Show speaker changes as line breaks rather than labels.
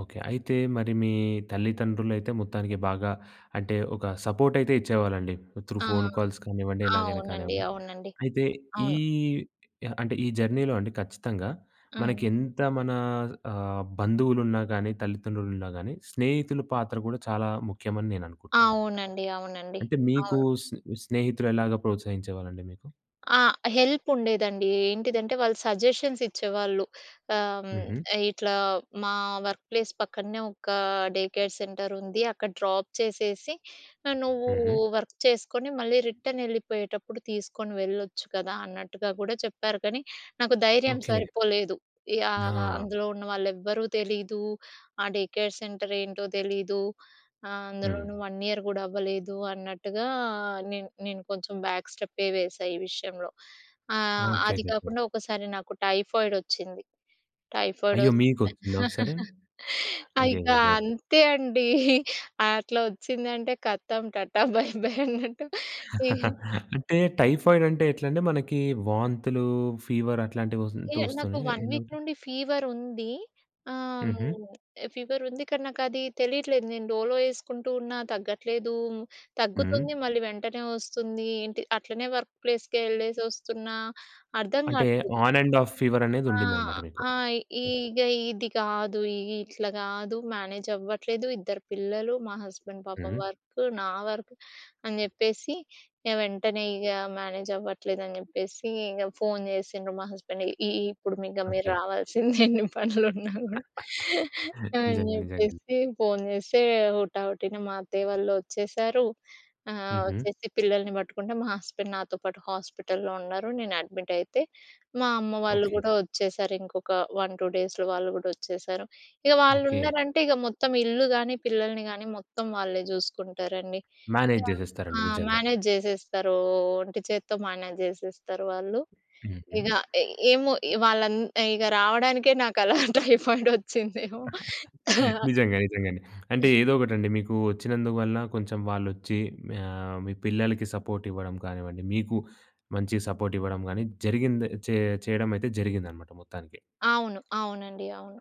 Okay. అయితే మరి మీ తల్లిదండ్రులయితే మొత్తానికి బాగా అంటే ఒక సపోర్ట్ అయితే ఇచ్చేవారండి. త్రూ
ఆ!
ఫోన్ కాల్స్ కానివ్వండి. ఎలాగైనా
అవునండి.
కానివ్వండి.
అవునండి.
అయితే ఈ
అవును.
అంటే ఈ జర్నీలో అండి ఖచ్చితంగా.
హ్మ్.
మనకేంత మన స్ ఆహ్, బంధువులున్నా గాని, తల్లిదండ్రులు ఉన్నా గానీ, స్నేహితులు పాత్ర గూడా చాలా ముఖ్యమని నేను అనుకుంటున్నానన్నమాట.
అవునండి. అవునండి.
అంటే మీకు
అవును.
స్నే స్నేహితులెలాగా ప్రోత్సహించేవారండి మీకు?
ఆ! హెల్ప్ ఉండేదండి. ఏంటిదంటే వాళ్ళు సజెషన్స్ ఇచ్చేవాళ్ళు. ఆహ్,
హుహు.
హ్మ్, ఇట్లా మా వర్క్ ప్లేస్ పక్కనే ఒక డే కేర్ సెంటర్ ఉంది. అక్కడ డ్రాప్ చేసేసి ఆహ్, నువ్వు
హుహు.
వర్క్ చేసుకొని మళ్ళీ రిటర్న్ ఎళ్ళిపోయేటప్పుడు తీసుకొని వెళ్ళొచ్చు కదా! అన్నట్టుగా గూడా చెప్పారు. కానీ నాకు ధైర్యం
ఓకే.
సరిపోలేదు. యాహ్!
ఆ!
అందులో ఉన్నవాళ్ళేవ్వరూ తెలీదు. ఆ డే కేర్ సెంటర్ ఏంటో తెలీదు. ఆహ్, అందులోను
హ్మ్.
1 ఇయర్ గూడా అవ్వలేదు అన్నట్టుగా నేను నేను కొంచెం బ్యాక్ స్టెపే వేసా ఈ విషయంలో. ఆహ్, అది
ఓకేకేకే.
కాకుండా ఒకసారి నాకు టైఫాయిడ్ ఒచ్చింది. టైఫాయిడ్
అయ్యో!
ఒస్తే
మీకొచ్చిందా ఒకసారి?
ఇక
అయ్యయ్యయ్యో!
అంతే అండి. అట్లా ఒచ్చిందంటే కథం టాటా బై బై అన్నట్టు.
అంటే టైఫాయిడ్ అంటే ఎట్లండి? మనకి వాంతులు, ఫీవర్ అట్లాంటివొస్ అంటు
ఏహ్! నాకు
ఒస్తాయా?
1 వీక్
ఏందంటే
నుండి ఫీవర్ ఉంది. ఆహ్,
హుహు.
ఫీవర్ ఉంది కానీ నాకు అది తెలియట్లేదు. నేను డోలో వేసుకుంటూ ఉన్నా తగ్గట్లేదు,
హ్మ్.
తగ్గుతుంది మళ్ళీ వెంటనే ఒస్తుంది. ఏంటి అట్లనే వర్క్ ప్లేస్‌కేళ్ళేసొస్తున్నా అర్థం
అంటే
గాట్లేదు.
ఆన్ అండ్ ఆఫ్ ఫీవర్ అనేది
ఆ!
ఉండిందన్నమాట మీకు.
ఆ!
ఓకే.
ఈగ ఇది గాదు. ఇగ ఇట్లా గాదు. మేనేజ్ అవ్వట్లేదు, ఇద్దరు పిల్లలు, మా హస్బెండ్ పాపం
హ్మ్.
వర్క్, నా వర్క్ అని జేప్పేసి ఇగ వెంటనే ఇగ మేనేజ్ అవ్వట్లేదని జెప్పేసి ఇంగ ఫోన్ జేసిండ్రు మా హస్బెండ్‌. "ఇ ఇప్పుడు ఇగ మీరు
ఓకే.
రావాల్సిందె ఎన్ని పనులు ఉన్నా గూడా" అని అని
నిజంగా. నిజంగానే.
చెప్పేసి ఫోన్ జేస్తే హుటా హుటిన మా అత్తయ్య వాళ్ళు ఒచ్చేసారు. ఆహ్,
హుహు.
ఒచ్చేసి పిల్లల్ని బట్టుకుంటే మా హస్బెండ్ నాతో పాటు హాస్పిటల్లో ఉన్నారు. నేను అడ్మిట్ అయితే మా అమ్మ వాళ్ళు
ఓకే.
గూడా ఒచ్చేసారు. ఇంకొక 1, 2 డేస్‌లో వాళ్ళు గూడా ఒచ్చేసారు. ఇగ వాళ్ళు
ఓకే.
ఉన్నారంటే ఇగ మొత్తం ఇల్లు గానీ, పిల్లల్ని గానీ మొత్తం వాళ్ళే జూసుకుంటారండి.
మేనేజ్
ఆ!
జేసేస్తారండి. నిజంగా.
మేనేజ్ జేసేస్తారు. ఒ ఒంటి చేతితో మేనేజ్ జేసేస్తారు వాళ్ళు.
హుహు.
ఇగ ఎ ఏమో వాళ్ళం ఇగ రావడానికే నాకలా టైఫాయిడ్ ఒచ్చిందేమో.
నిజంగా. నిజంగండి. అంటే ఏదో ఒకటండి. మీకు ఒచ్చినందువల్ల కొంచెం వాళ్ళచ్చి ఆహ్, మీ పిల్లలకి సపోర్ట్ ఇవ్వడం గానివ్వండి, మీకు మంచి సపోర్ట్ ఇవ్వడం గానీ జరిగింద చే చేయడమయితే జరిగిందన్నమాట మొత్తానికి.
అవును. అవునండి. అవును.